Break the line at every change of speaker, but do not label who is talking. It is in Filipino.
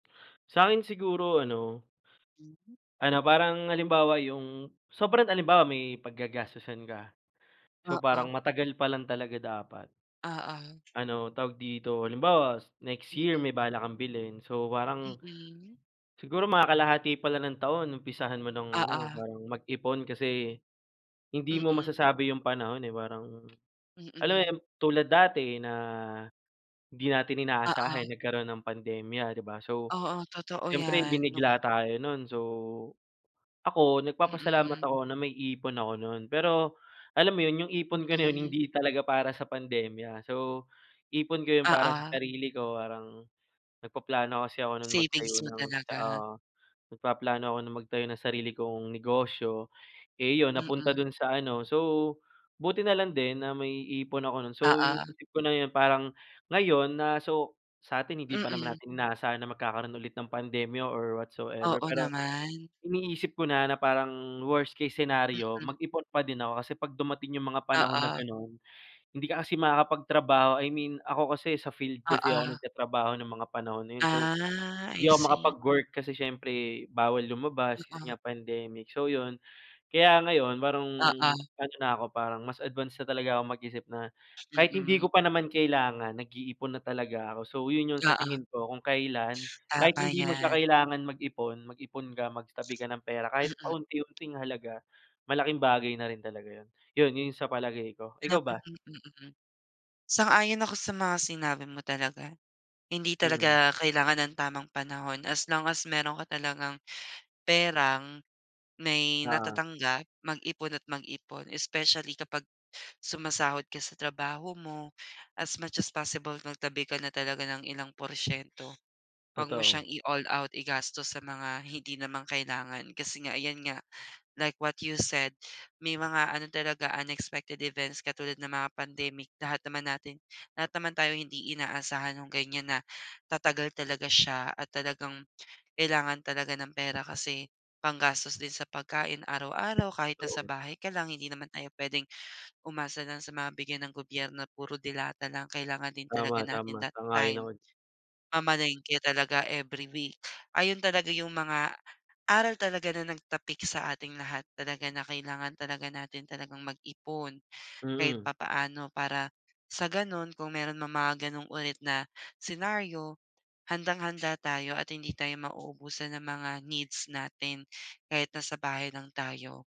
Sa'kin siguro ano,
Mhm.
ano parang halimbawa yung sobrang halimbawa, may paggagastusan ka, so
Oo.
parang matagal pa lang talaga dapat.
Oo.
Ano, tawag dito, halimbawa, next year
Mm.
may balak kang bilhin, so parang,
Mm.
siguro mga kalahati pa lang ng taon umpisahan mo ng ano,
Oo.
parang mag-ipon kasi hindi mo
Mm.
masasabi yung panahon, eh. Parang, alam mo
Mm.
yun, tulad dati na hindi natin
Oo.
inaasahan nagkaroon ng pandemya, 'di ba. So
Oo, totoo
siyempre,
'yan.
binigla tayo nun. So, ako nagpapasalamat
Mm.
ako na may ipon ako nun. Pero alam mo 'yon, yung ipon ko na 'yon,
Mm.
hindi talaga para sa pandemya. So, ipon ko yun para sa
Oo.
sarili ko, parang nagpaplano kasi ako nun magtayo
Savings mo
ng tsa
talaga.
ah, nagpaplano ako nung magtayo ng sarili kong negosyo, eh, 'yon napunta
Mm.
dun sa ano, so buti na lang din na may ipon ako nun. So,
Oo.
iniisip ko na yun parang ngayon, na so sa'tin hindi ba naman
Mm.
natin inaasahan na magkakaroon ulit ng pandemya or what so ever.
Oo
Pero
naman.
iniisip ko na, na parang worst case scenario,
Mm.
mag-ipon pa din ako kasi 'pag dumating yung mga panahon na
Oo.
gano'n, hindi ka kasi makakapagtrabaho. I mean, ako kasi sa field kasi ako
Oo.
nagtatrabaho ng mga panahon na yun. So,
Ah, I
hindi ako
see.
makapag-work kasi siyempre bawal lumabas kasi
Oo.
nga pandemic, so yun. Kaya ngayon parang
Oo.
ano na ako, parang mas advance na talaga ako mag-isip na kahit hindi
Mm.
ko pa naman kailangan, nag-iipon na talaga ako. So, yun yung sa
Oo.
tingin ko kung kailan, kahit
Tama
hindi mo siya
'yan.
kailangan mag-ipon, mag-ipon ka, magtabi ka ng pera, kahit
Mm.
pa unti-unting halaga, malaking bagay na rin talaga yun. Yun yun sa palagay ko.
Ah,
Ikaw ba?
mm, mm. Sang-ayon ako sa mga sinabi mo talaga. Hindi
Mm.
talaga kailangan ng tamang panahon as lang as meron ka talagang perang, may
Oo.
natatanggap, mag-ipon at mag-ipon. Especially kapag sumasahod ka sa trabaho mo, as much as possible magtabi ka na talaga ng ilang porsiyento. Huwag mo siyang
Totoo.
i-all-out igastos sa mga hindi naman kailangan. Kasi nga ayan nga, like what you said, may mga ano talaga, unexpected events katulad ng mga pandemic. Lahat naman natin lahat naman tayo hindi inaasahan nung ganiyan na tatagal talaga siya at talagang kailangan talaga ng pera kasi panggastos din sa pagkain araw-araw kahit na sa
Totoo.
bahay ka lang, hindi naman tayo puwedeng umasa lang sa mga bigay ng gobyerno, puro delata lang. Kailangan din
Tama,
talaga
tama.
natin that
Sang-ayon
time
ako.
mamalengke talaga every week. Ayon talaga yung mga aral talaga na nagtapik sa ating lahat talaga, na kailangan talaga natin talagang mag-ipon, kahit
Mm.
papaano para sa gano'n kung merong mga gano'ng ulit na scenario, handang-handa tayo at hindi tayo mauubusan ng mga needs natin kahit nasa bahay lang tayo.